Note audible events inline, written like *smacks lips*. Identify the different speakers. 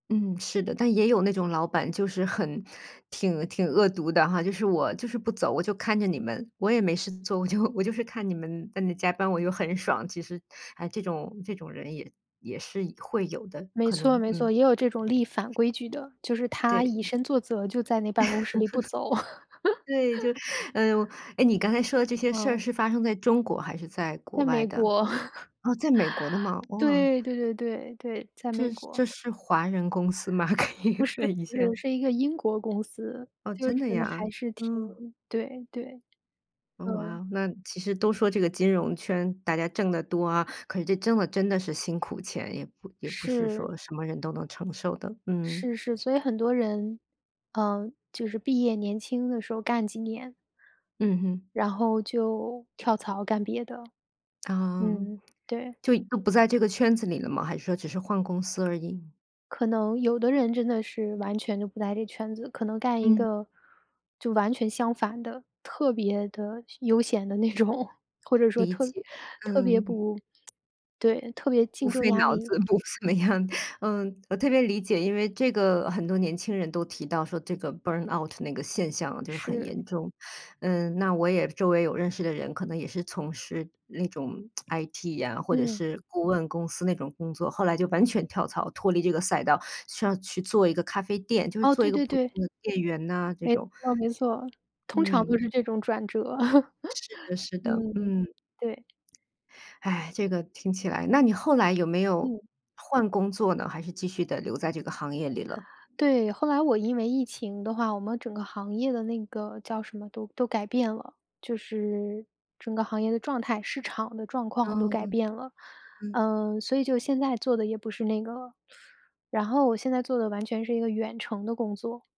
Speaker 1: 嗯，是的。但也有那种老板就是很挺挺恶毒的哈，就是我就是不走，我就看着你们，我也没事做，我就我就是看你们在那加班我又很爽，其实，啊，这种这种人也也是会有的，
Speaker 2: 没
Speaker 1: 可
Speaker 2: 错
Speaker 1: 能，
Speaker 2: 没
Speaker 1: 嗯。
Speaker 2: 错，也有这种立反规矩的，就是他以
Speaker 1: 对。
Speaker 2: 身作则就在那办公室里不走。
Speaker 1: *laughs* 对，就哎哟，
Speaker 2: *laughs*
Speaker 1: 诶，你刚才说的这些事儿
Speaker 2: 嗯。
Speaker 1: 是发生在中国，还是在国
Speaker 2: 在
Speaker 1: 外
Speaker 2: 美
Speaker 1: 的？
Speaker 2: 国。*laughs*
Speaker 1: 啊，在美国的吗？哇。
Speaker 2: 对对对对，在
Speaker 1: 这
Speaker 2: 美
Speaker 1: 是
Speaker 2: 国。
Speaker 1: 这是华人公司吗？*laughs* 可以
Speaker 2: 不是
Speaker 1: 问一
Speaker 2: 不
Speaker 1: 下。
Speaker 2: 是，是一个英国公司，
Speaker 1: 哦，
Speaker 2: 就是
Speaker 1: 真的呀？
Speaker 2: 还是挺
Speaker 1: 嗯。
Speaker 2: 对对，
Speaker 1: 哦，哇
Speaker 2: 嗯。
Speaker 1: 哦，那其实都说这个金融圈，大家挣得多啊，可是这挣得真的是辛苦钱，也不也不是
Speaker 2: 是。
Speaker 1: 说什么人都能承受的，嗯。
Speaker 2: 是是，所以很多人，呃，就是毕业年轻的时候干几年。
Speaker 1: 嗯哼。
Speaker 2: 然后就跳槽干别的。
Speaker 1: 啊，
Speaker 2: 嗯，对。
Speaker 1: 就就不在这个圈子里了吗？还是说只是换公司而已？
Speaker 2: 可能有的人真的是完全就不在这圈子，可能干一
Speaker 1: 嗯。
Speaker 2: 个，就完全相反的，特别的闲悠闲的那种，或者说
Speaker 1: 理
Speaker 2: 特
Speaker 1: 解，
Speaker 2: 特别
Speaker 1: 嗯。
Speaker 2: 不，*smacks lips* 对，特别
Speaker 1: 不
Speaker 2: 竞争
Speaker 1: 费
Speaker 2: 压
Speaker 1: 脑
Speaker 2: 力
Speaker 1: 子，不怎么样。嗯，我特别理解，因为这个很多年轻人都提到说这个 burn out 那个现象就是很
Speaker 2: 是。
Speaker 1: 严重，嗯，那我也周围有认识的人可能也是从事那种 *smacks lips* IT 呀，或者
Speaker 2: 嗯。
Speaker 1: 是顾问公司那种工作，后来就完全跳槽，脱离这个赛道，说要去做一个咖啡店，就是
Speaker 2: 哦，
Speaker 1: 做一
Speaker 2: 对
Speaker 1: 个
Speaker 2: 对
Speaker 1: 普
Speaker 2: 对。
Speaker 1: 通的店员呐这
Speaker 2: 没
Speaker 1: 种。
Speaker 2: 错没错，通常都
Speaker 1: 嗯。
Speaker 2: 是这种转折。
Speaker 1: 是的
Speaker 2: *laughs*
Speaker 1: 是的，
Speaker 2: 嗯，
Speaker 1: 嗯。
Speaker 2: 对。
Speaker 1: 唉，这个听起来那你后来有没有
Speaker 2: 嗯。
Speaker 1: 换工作呢，还是继续地留在这个行业里了？
Speaker 2: 对，后来我因为疫情的话，我们整个行业的那个叫什么？都都改变了，就是整个行业的状态、市场的状况都改
Speaker 1: 嗯。
Speaker 2: 变了。
Speaker 1: 嗯。
Speaker 2: 呃，所以就现在做的也不是那个了，然后我现在做的完全是一个远程的工作。